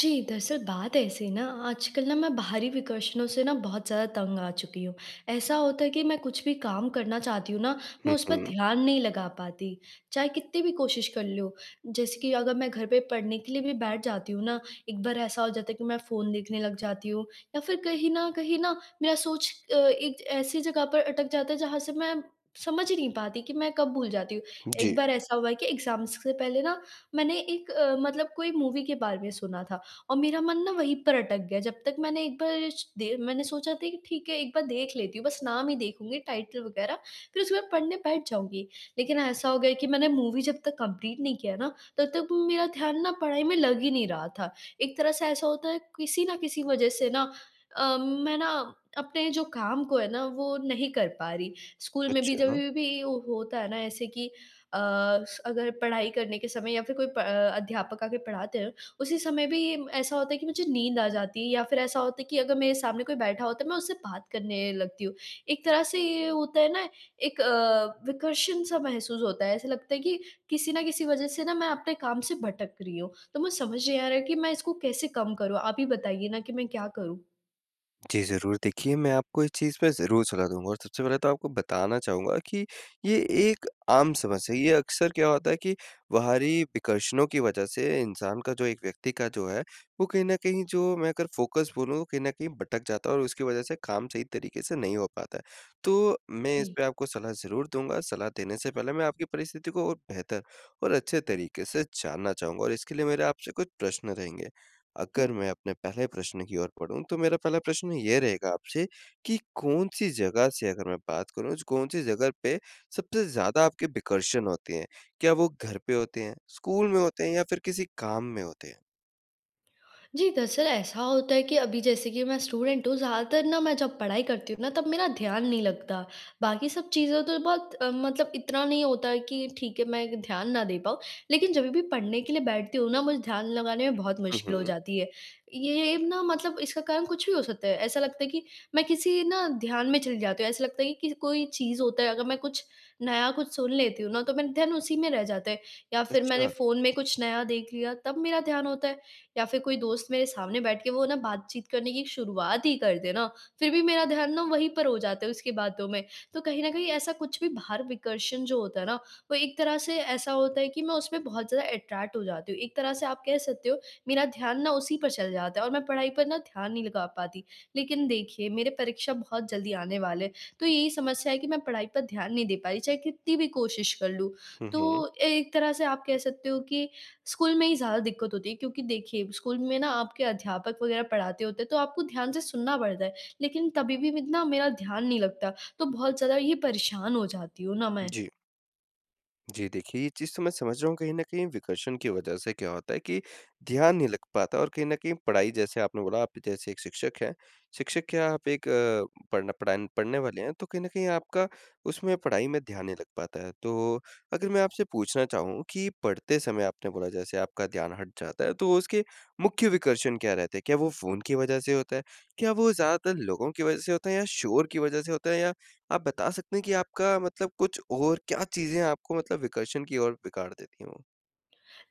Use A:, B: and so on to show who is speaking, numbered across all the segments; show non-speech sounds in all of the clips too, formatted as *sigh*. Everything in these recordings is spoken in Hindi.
A: जी, दरअसल बात ऐसी है ना आजकल ना मैं बाहरी विकर्षणों से ना बहुत ज़्यादा तंग आ चुकी हूँ। ऐसा होता है कि मैं कुछ भी काम करना चाहती हूँ ना, मैं
B: हुँ,
A: उस पे
B: हुँ।
A: ध्यान नहीं लगा पाती, चाहे कित्ती भी कोशिश कर लूँ। जैसे कि अगर मैं घर पर पढ़ने के लिए भी बैठ जाती हूँ ना, एक बार ऐसा हो जाता है कि मैं फ़ोन देखने लग जाती हूँ या फिर कहीं न कहीं ना मेरा सोच अ, एक ऐसी जगह पर अटक जाता है जहाँ से मैं समझ ही नहीं पाती कि मैं कब भूल जाती हूँ। एक
B: जी।
A: बार ऐसा हुआ है एग्ज़ाम्स से पहले ना मैंने एक अ, मतलब कोई मूवी के बारे में सुना था और मेरा मन ना वहीं पर अटक गया, जब तक मैंने एक बार च देर मैंने सोचा था कि ठीक है एक बार देख लेती हूँ बस नाम ही देखूँगी टाइटल वग़ैरह फिर उसके बाद पढ़ने बैठ जाऊँगी, लेकिन ऐसा हो गया कि मैंने मूवी जब तक कंप्लीट नहीं किया ना तब तक मेरा ध्यान ना पढ़ाई में लग ही नहीं रहा था। एक तरह से ऐसा होता है किसी न किसी वजह से ना अम, मैं ना अपने जो काम को है ना, वो नहीं कर पा रही। स्कूल में भी, जब
B: अच्छा।
A: भी वो होता है ना ऐसे कि अ, स अगर पढ़ाई करने के समय या फिर कोई प अ, अध्यापक आके पढ़ाते हैं, उसी समय भी ये म ऐसा होता है कि मुझे नींद आ जाती है या फिर ऐसा होता है कि अगर मेरे सामने कोई बैठा होता है तो मैं उससे बात करने लगती हूँ। एक तरह से ये होता है ना एक अ, विकर्षण सा महसूस होता है। ऐसा लगता है कि किसी न किसी वजह से ना मैं अपने काम से भटक रही हूँ, तो मुझे समझ नहीं आ रहा है कि मैं इसको कैसे कम करूँ? आप ही बताइए ना कि मैं क्या करूँ?
B: जी, ज़रूर। देखिए मैं आपको इस चीज़ पे ज़रूर सलाह दूँगा। और सबसे पहले तो आपको बताना चाहूँगा कि ये एक आम समस्या है। ये अक्सर क्या होता है कि बाहरी विकर्षणों की वजह से इंसान का जो एक व्यक्ति का जो है, वो कहीं न कहीं जो मैं अगर फ़ोकस बोलूँ कहीं न कहीं भटक जाता है और उसकी वजह से काम सही तरीके से नहीं हो पाता है। तो मैं
A: जी।
B: इसपे आपको सलाह ज़रूर दूँगा। सलाह देने से पहले मैं आपकी परिस्थिति को और बेहतर और अच्छे तरीके से जानना चाहूँगा। और इसके लिए मेरे आपसे कुछ प्रश्न रहेंगे। अगर
A: *hiccups*
B: मैं अपने पहले प्रश्न की ओर बढ़ूँ तो मेरा पहला प्रश्न ये रहेगा आपसे की कौन-सी जगह से अगर मैं बात करूँ कौन-सी जगह पे सबसे ज़्यादा आपके विकर्षण होते हैं? क्या वो घर पे होते हैं? स्कूल में होते हैं? या फिर किसी काम में होते हैं?
A: जी, दरअसल ऐसा होता है कि अभी जैसे कि मैं स्टूडेंट हूँ ज़्यादातर न मैं जब पढ़ाई करती हूँ ना तब मेरा ध्यान नहीं लगता। बाकी सब चीज़ें तो बहुत अ, मतलब इतना नहीं होता है कि ठीक है मैं ध्यान ना दे पाऊँ लेकिन जब भी पढ़ने के लिए बैठती हूँ ना मुझे ध्यान लगाने में बहुत
B: हुँ,
A: मुश्किल हो
B: हुँ।
A: जाती है। ये ना मतलब इसका कारण कुछ भी हो सकता है। ऐसा लगता है कि मैं किसी ना ध्यान में चली जाती हूँ, ऐसा लगता है कि किसी कोई चीज़ होता है अगर मैं कुछ नया कुछ सुन लेती हूँ ना तो मेरा ध्यान उसी में रह जाता है। या फिर मैंने
B: अच्छा।
A: फ़ोन में कुछ नया देख लिया तब मेरा ध्यान होता है। या फिर कोई दोस्त मेरे सामने बैठ के वो ना बातचीत करने की शुरुआत ही कर दे ना फिर भी मेरा ध्यान ना वहीं पर हो जाता है उसकी बातों में। तो कहीं ना कहीं ऐसा कुछ भी बाहर विकर्षण जो होता है ना वो एक तरह से ऐसा होता है कि, मैं उस पे बहुत ज़्यादा अट्रैक्ट हो जाती हूँ। एक तरह से आप कह सकते हो मेरा ध्यान ना उसी पर चल जाता है और मैं पढ़ाई पर ना ध्यान नहीं लगा पाती। लेकिन देखिए मेरे परीक्षा बहुत जल्दी आने वाले हैं, तो यही समस्या है कि मैं पढ़ाई पर ध्यान नहीं दे पाई, चाहे कितनी भी कोशिश कर लूँ।
B: हुँ, हुँ।
A: तो ए एक तरह से आप कह सकते हो कि स्कूल में ही ज़्यादा दिक्कत होती है। क्योंकि देखिए स्कूल में ना आपके अध्यापक वगैरह पढ़ाते होते हैं तो आपको ध्यान से सुनना पड़ता है लेकिन तभी भी इतना मेरा ध्यान नहीं लगता। तो बहुत ज़्यादा ये परेशान हो जाती हूँ ना मैं।
B: जी। जी, देखिए ये चीज़ तो मैं समझ रहा हूँ कहीं न कहीं विकर्षण की वज़ह से क्या होता है कि ध्यान नहीं लग पाता और कहीं न कहीं पढ़ाई जैसे आपने बोला आप जैसे 1 शिक्षक हैं। शिक्षक क्या, आप एक अ, पढ़न पढ़ान पढ़ने वाले हैं। तो कहीं न कहीं आपका उसमें पढ़ाई में ध्यान नहीं लग पाता है। तो अगर मैं आपसे पूछना चाहूँ कि पढ़ते समय आपने बोला जैसे आपका ध्यान हट जाता है तो उसके मुख्य विकर्षण क्या रहते हैं? क्या वो फ़ोन की वज़ह से होता है? क्या वो ज़्यादातर लोगों की वज़ह से होता है या शोर की वज़ह से होता है या आप बता सकते हैं कि आपका मतलब कुछ और क्या चीज़ें आपको मतलब विकर्षण की और बिगाड़ देती हैं वो।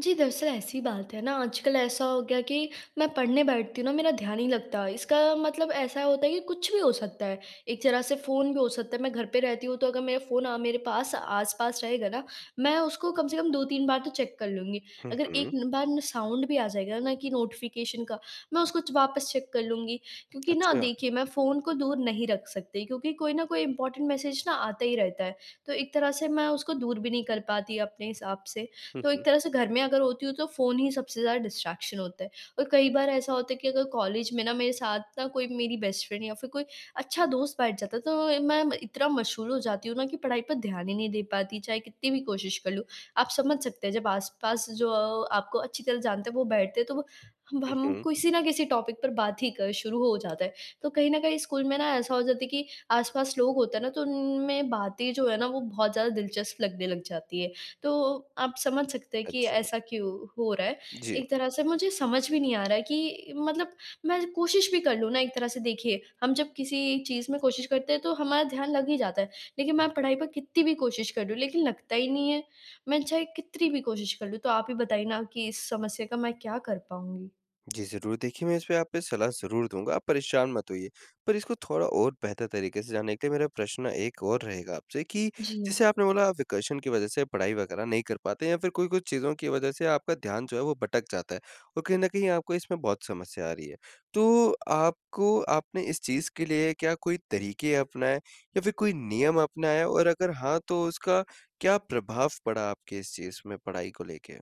A: जी, दरअसल, ऐसी बात है ना, आजकल ऐसा हो गया कि मैं पढ़ने बैठती हूँ ना, मेरा ध्यान नहीं लगता इसका मतलब ऐसा होता है कि कुछ भी हो सकता है। एक तरह से फ़ोन भी हो सकता है मैं घर पे रहती हूँ तो अगर मेरा फ़ोन अ, मेरे पास आस-पास रहेगा ना मैं उसको कम से कम 2-3 बार तो चेक कर लूँगी।
B: हुँ,
A: अगर एक
B: हुँ।
A: बार ना साउंड भी आ जाएगा ना कि नोटिफ़िकेशन का मैं उसको वापस चेक कर लूँगी। क्योंकि ना,
B: अच्छा।
A: देखिए मैं फ़ोन को दूर नहीं रख सकती क्योंकि कोई न कोई इम्पोर्टेंट मैसेज ना आता ही रहता है। तो एक तरह से मैं उसको दूर भी नहीं कर पाती अपने हिसाब से।
B: हुँ,
A: तो
B: हुँ।
A: एक तरह से, घर में अगर होती हूँ तो फ़ोन ही सबसे ज़्यादा डिस्ट्रैक्शन होता है। और कई बार ऐसा होता है कि अगर कॉलेज में ना मेरे साथ ना कोई मेरी बेस्ट फ्रेंड या फ़िर कोई अच्छा दोस्त बैठ जाता है तो मैं इतना मशहूर हो जाती हूँ ना, कि पढ़ाई पर ध्यान ही नहीं दे पाती चाहे कितनी भी कोशिश कर लूँ। आप समझ सकते हैं जब आस-पास जो अ, आपको अच्छी तरह से जानते हैं वो बैठते हैं तो वो हम
B: हुँ,
A: हम
B: हुँ।
A: किसी न किसी टॉपिक पर बात ही कर शुरू हो जाता है। तो कहीं न कहीं स्कूल में ना ऐसा हो जाता है कि आस-पास लोग होते हैं ना तो उनमें बातें जो हैं ना वो बहुत ज़्यादा दिलचस्प लगने लग जाती हैं। तो आप समझ सकते हैं कि
B: अच्छा।
A: ऐसा क्यों हो रहा है।
B: जी।
A: एक तरह से मुझे समझ भी नहीं आ रहा है कि मतलब, मैं कोशिश भी कर लूँ ना एक तरह से देखिए हम जब किसी चीज़ में कोशिश करते हैं तो हमारा ध्यान लग ही जाता है लेकिन मैं पढ़ाई पर कितनी भी कोशिश कर रही हूँ लेकिन लगता ही नहीं है। मैं चाहे कितनी भी कोशिश कर लूँ। तो आप ही बताइए ना कि इस समस्या का मैं क्या कर पाऊँगी?
B: जी, ज़रूर। देखिए, मैं इसपे आप पे सलाह ज़रूर दूँगा। आप परेशान मत होइए। पर इसको थोड़ा और बेहतर तरीके से जान लेते, मेरा प्रश्न एक और रहेगा आपसे कि
A: जी।
B: जैसे आपने बोला आप वेकेशन की वजह से पढ़ाई वग़ैरह नहीं कर पाते या फ़िर कोई कुछ चीज़ों की वजह से आपका ध्यान जो है वो भटक जाता है। और कहीं न कहीं आपको इसमें बहुत समस्या आ रही है। तो आपको आपने इस चीज़ के लिए क्या कोई तरीके अपनाए? या फ़िर कोई नियम अपनाएँ? और अगर हाँ तो उसका क्या प्रभाव पड़ा? आपके इस चीज़ में पढ़ाई को लेके?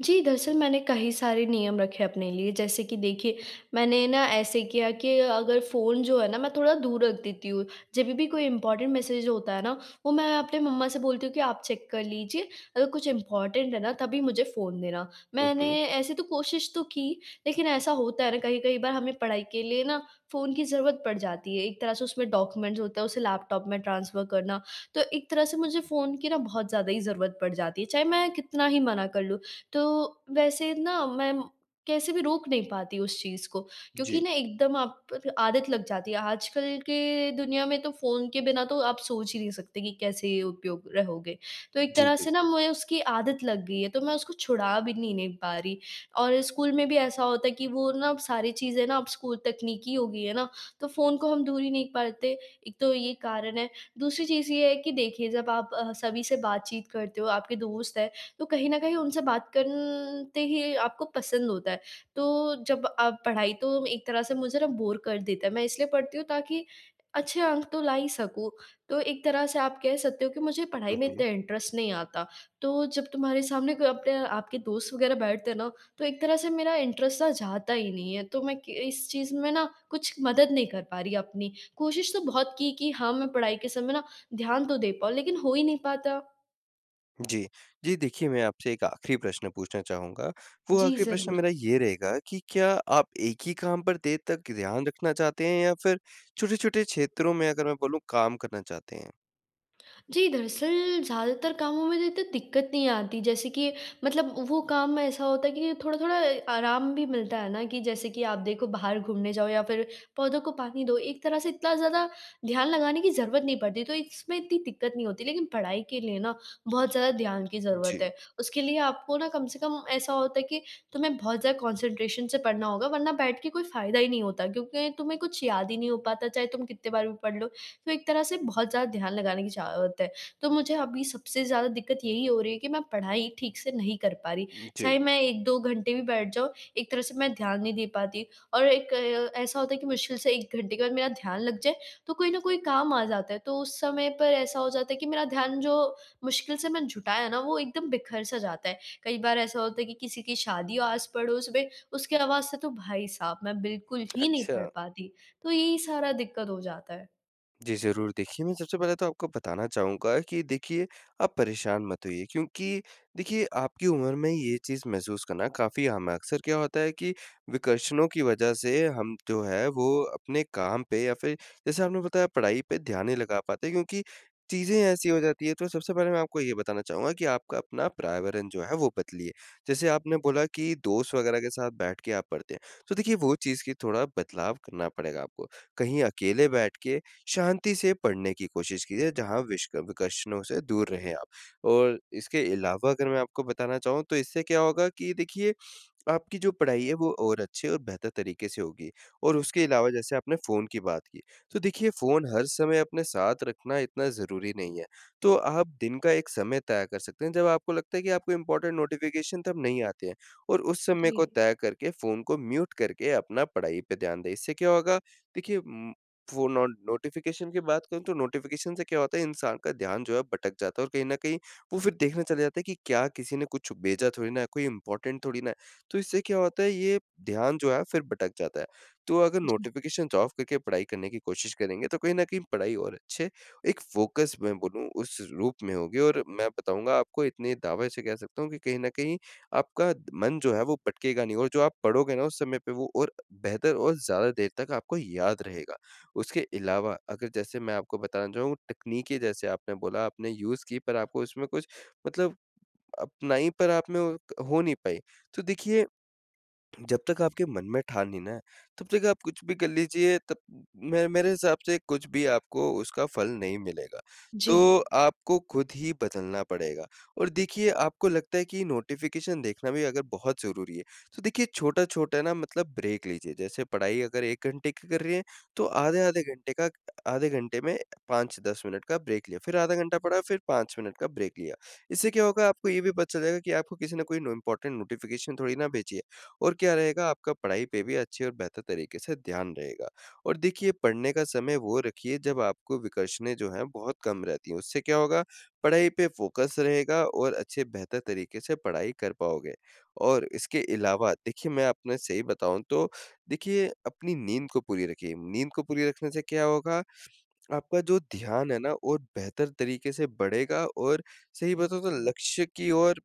A: जी, दरअसल, मैंने कही सारे नियम रखे अपने लिए जैसे कि देखिए मैंने ना ऐसे किया कि अगर फ़ोन जो है ना मैं थोड़ा दूर रख देती हूँ। जब भी भी कोई इंपोर्टेंट मैसेज होता है ना, वो मैं अपने मम्मा से बोलती हूँ कि आप चेक कर लीजिए। अगर कुछ इंपोर्टेंट है ना तभी मुझे फ़ोन देना।
B: हुँ,
A: मैंने
B: हुँ।
A: ऐसे तो कोशिश तो की लेकिन ऐसा होता है ना कई-कई बार हमें पढ़ाई के लिए ना फ़ोन की ज़रूरत पड़ जाती है। एक तरह से उसमें डॉक्यूमेंट्स होते हैं उसे लैपटॉप में ट्रांसफर करना। तो एक तरह से मुझे फ़ोन की ना बहुत ज़्यादा ही ज़रूरत पड़ जाती है। चाहे मैं कितना ही मना कर लूँ। तो वैसे ना मैं कैसे भी रोक नहीं पाती उस चीज़ को। क्योंकि
B: जी।
A: ना एकदम आप आदत लग जाती है। आजकल के दुनिया में तो फ़ोन के बिना तो आप सोच ही नहीं सकते कि कैसे उपयोग रहोगे? तो एक
B: जी,
A: तरह
B: जी।
A: से ना मैं उसकी आदत लग गई है। तो मैं उसको छुड़ा भी नहीं नहीं पा रही और स्कूल में भी ऐसा होता है कि वो ना सारी चीज़ें ना अब स्कूल तकनीकी हो गई हैं ना तो फ़ोन को हम दूर ही नहीं परते एक तो ये कारण है। दूसरी चीज़ ये है कि देखिए जब आप सभी से बातचीत करते हो, आपके दोस्त हैं, तो कहीं न कहीं उनसे बात कन ते ही आपको पसंद होता है। तो जब आप पढ़ाई तो एक तरह से मुझे ना बोर कर देता है। मैं इसलिए पढ़ती हूँ ताकि अच्छे अंक तो ला ही सकूँ। तो एक तरह से आप कह सकते हो कि मुझे पढ़ाई
B: हुँ,
A: में
B: हुँ।
A: इतना इंटरेस्ट नहीं आता। तो जब तुम्हारे सामने कोई अपने आपके दोस्त वग़ैरह बैठते हैं ना। तो एक तरह से मेरा इंटरेस्ट ना जाता ही नहीं है। तो मैं क इस चीज़ में ना कुछ मदद नहीं कर पा रही अपनी। कोशिश तो बहुत की कि हाँ, मैं पढ़ाई के समय ना ध्यान तो दे पाऊँ। लेकिन हो ही नहीं पाता।
B: जी। जी, देखिए, मैं आपसे एक आखिरी प्रश्न पूछना चाहूँगा। वो
A: जी
B: आखिरी प्रश्न
A: ज़रूर।
B: मेरा ये रहेगा कि क्या आप एक ही काम पर देर तक ध्यान रखना चाहते हैं? या फिर छोटे-छोटे क्षेत्रों में, अगर मैं बोलूँ काम करना चाहते हैं?
A: जी, दरअसल ज़्यादातर कामों में तो इतनी दिक्कत नहीं आती जैसे कि मतलब वो काम ऐसा होता है कि जो थोड़ा-थोड़ा अ, आराम भी मिलता है ना, कि जैसे कि आप देखो बाहर घूमने जाओ या फिर पौधों को पानी दो, एक तरह से इतना ज़्यादा ध्यान लगाने की ज़रूरत नहीं पड़ती। तो इसमें इतनी दिक्कत नहीं होती, लेकिन पढ़ाई के लिए ना बहुत ज़्यादा ध्यान की ज़रूरत
B: जी।
A: है। उसके लिए आपको ना कम से कम ऐसा होता है कि तुम्हें बहुत ज़्यादा कंसंट्रेशन से पढ़ना होगा वरना बैठ के कोई फ़ायदा ही नहीं होता। क्योंकि तुम्हें कुछ याद ही नहीं हो पाता चाहे तुम कितने बार भी पढ़ लो। तो एक तरह से बहुत ज़्यादा ध्यान लगाने की ज़रूरत है। तो मुझे अभी सबसे ज़्यादा दिक्कत यही हो रही है कि मैं पढ़ाई ठीक से नहीं कर पा रही,
B: उ
A: चाहे
B: जी।
A: मैं 1-2 घंटे भी बैठ जाऊँ एक तरह से मैं ध्यान नहीं दे पाती। और एक अ, ऐसा होता है कि मुश्किल से 1 घंटे के बाद मेरा ध्यान लग जाए, तो कोई न कोई काम आ जाता है तो उस समय पे ऐसा हो जाता है कि मेरा ध्यान जो मुश्किल से मैं जुटाया ना, वो एकदम बिखर-सा जाता है। कई बार ऐसा होता है कि किसी की शादी हो आस-पड़ोस में उसकी आवाज़ से तो भाई साहब, मैं बिल्कुल ही नहीं पढ़
B: अच्छा।
A: पाती। तो यही सारा दिक्कत हो जाता है।
B: जी, ज़रूर। देखिए मैं सबसे पहले तो आपको बताना चाहूँगा कि देखिए आप परेशान मत होइए। क्योंकि देखिए आपकी उम्र में ये चीज़ महसूस करना काफ़ी आम है। अक्सर क्या होता है कि विकर्षणों की वजह से हम जो है वो अपने काम पे या फिर जैसे आपने बताया पढ़ाई पे, ध्यान नहीं लगा पाते क्योंकि चीज़ें ऐसी हो जाती है। तो सबसे पहले मैं आपको ये बताना चाहूँगा कि आपका अपना पर्यावरण जो है वो बदलिए। जैसे आपने बोला कि दोस्त वग़ैरह के साथ बैठ के आप पढ़ते हैं, तो देखिए वो चीज़ की थोड़ा बदलाव करना पड़ेगा आपको। कहीं अकेले बैठ के शांति से पढ़ने की कोशिश कीजिये जहाँ विष क विकर्षणों से दूर रहे आप। और इसके अलावा अगर मैं आपको बताना चाहूँ तो इससे क्या होगा कि देखिए आपकी जो पढ़ाई है वो और अच्छी और बेहतर तरीके से होगी। और उसके अलावा जैसे आपने फ़ोन की बात की। तो देखिए फ़ोन हर समय अपने साथ रखना इतना ज़रूरी नहीं है। तो आप दिन का एक समय तक तय कर सकते हैं जब आपको लगता है कि आपको इम्पोर्टेंट नोटिफ़िकेशन तब नहीं आते हैं। और उस समय को
A: जी।
B: तय करके फ़ोन को म्यूट करके अपना पढ़ाई पे ध्यान दें। इससे क्या होगा? देखिए उम, वो नो नोटिफ़िकेशन की बात करूँ तो नोटिफ़िकेशन से क्या होता है इंसान का ध्यान जो है भटक जाता है। और कहीं न कहीं वो फिर देखने चला जाता है कि क्या किसी ने कुछ भेजा थोड़ी ना है, कोई इम्पोर्टेंट थोड़ी ना है। तो इससे क्या होता है ये ध्यान जो है फिर भटक जाता है। तो अगर
A: जी।
B: नोटिफ़िकेशंस ऑफ करके पढ़ाई करने की कोशिश करेंगे तो कहीं न कहीं पढ़ाई और अच्छे एक फोकस मैं बोलूँ उस रूप में होगी। और मैं बताऊँगा आपको इतने दावे से कह सकता हूँ कि कहीं न कहीं आपका मन जो है वो भटकेगा नहीं। और जो आप पढ़ोगे ना उस समय पे वो और बेहतर और ज़्यादा देर तक आपको याद रहेगा। उसके अलावा अगर जैसे मैं आपको बताना चाहूँ तकनीकी जैसे आपने बोला आपने यूज़ की पर आपको उसमें कुछ मतलब अपनाई पर आप में हो नहीं पाई। तो देखिए जब तक आपके मन में ठान ली ना तब तक आप कुछ भी कर लीजिए तब मैं मेरे हिसाब से कुछ भी आपको उसका फल नहीं मिलेगा। तो
A: जी।
B: आपको खुद ही बदलना पड़ेगा। और देखिए आपको लगता है कि नोटिफ़िकेशन देखना भी अगर बहुत ज़रूरी है। तो देखिए छोटा-छोटा ना मतलब ब्रेक लीजिए। जैसे पढाई अगर 1 घंटे की कर रही है तो आधे-आधे घंटे का, आधे घंटे में 5-10 मिनट का ब्रेक लिया। फिर आधा घंटा पढ़ा फिर 5 मिनट का ब्रेक लिया। इससे क्या होगा आपको ये भी पता चल जाएगा कि आपको किसी ने कोई इम्पोर्टेंट नोटिफ़िकेशन थोड़ी ना भेजी है। और क्या रहेगा आपका पढ़ाई पे भी अच्छी और बेहतर तरीके से ध्यान रहेगा। और देखिए पढ़ने का समय वो रखिए जब आपको विकर्षणें जो हैं बहुत कम रहती है। उससे क्या होगा पढ़ाई पे फ़ोकस रहेगा और अच्छे बेहतर तरीके से पढ़ाई कर पाओगे। और इसके अलावा देखिए मैं आपने सही बताऊँ तो देखिए अपनी नींद को पूरी रखिए। नींद को पूरी रखने से क्या होगा? आपका जो ध्यान है ना वो बेहतर तरीके से बढ़ेगा। और सही बताऊ तो लक्ष्य की ओर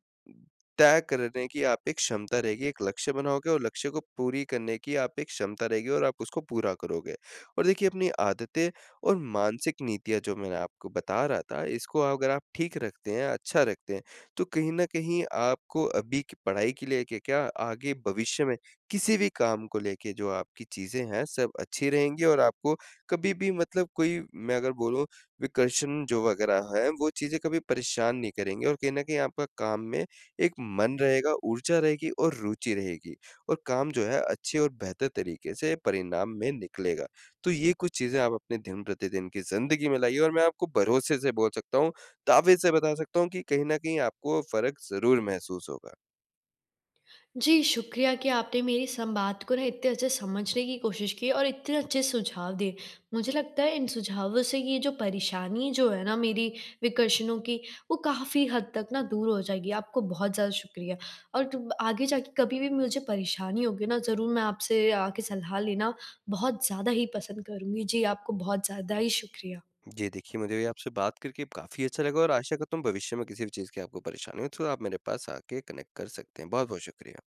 B: तय करने की आप एक क्षमता रहेगी, एक लक्ष्य बनाओगे और लक्ष्य को पूरी करने की आप एक क्षमता रहेगी और आप उसको पूरा करोगे। और देखिए अपनी आदतें और मानसिक नीतियाँ जो मैं ना आपको बता रहा था इसको अगर आप ठीक रखते हैं, अच्छा रखते हैं, तो कहीं न कहीं आपको अभी के पढ़ाई के लिए क क्या, आगे भविष्य में किसी भी काम को लेके जो आप की चीज़ें हैं सब अच्छी रहेंगी, और आपको कभी भी मतलब कोई मैं अगर बोलूँ विकर्षण जो वगैरह है वो चीज़ें कभी परेशान नहीं करेंगे। और कहीं न कहीं आपका काम में एक मन रहेगा, ऊर्जा रहेगी और रुचि रहेगी। और काम जो है अच्छे और बेहतर तरीके से परिणाम में निकलेगा। तो ये कुछ चीज़ें आप अपने दिन-प्रतिदिन की ज़िंदगी में लाइए। और मैं आपको भरोसे से बोल सकता हूँ, दावे से बता सकता हूँ, कि कहीं न कहीं आपको फ़र्क ज़रूर महसूस होगा।
A: जी, शुक्रिया कि आपने मेरी संवाद को ना इतने अच्छे समझने की कोशिश की और इतने अच्छे सुझाव दिए। मुझे लगता है इन सुझावों से ये जो परेशानी जो है ना मेरी विकर्षणों की, वो काफ़ी हद तक ना दूर हो जाएगी। आपको बहुत ज़्यादा शुक्रिया। और तुम आगे जाके कभी भी मुझे परेशानी होगी ना ज़रूर मैं आपसे आके सलाह लेना बहुत ज़्यादा ही पसंद करूँगी। जी आपको बहुत ज़्यादा ही शुक्रिया।
B: जी देखिए मुझे भी आपसे बात करके काफ़ी अच्छा लगा। और आशा करता हूँ भविष्य में किसी भी चीज़ की आपको परेशानी हो तो आप मेरे पास आके कनेक्ट कर सकते हैं। बहुत-बहुत शुक्रिया।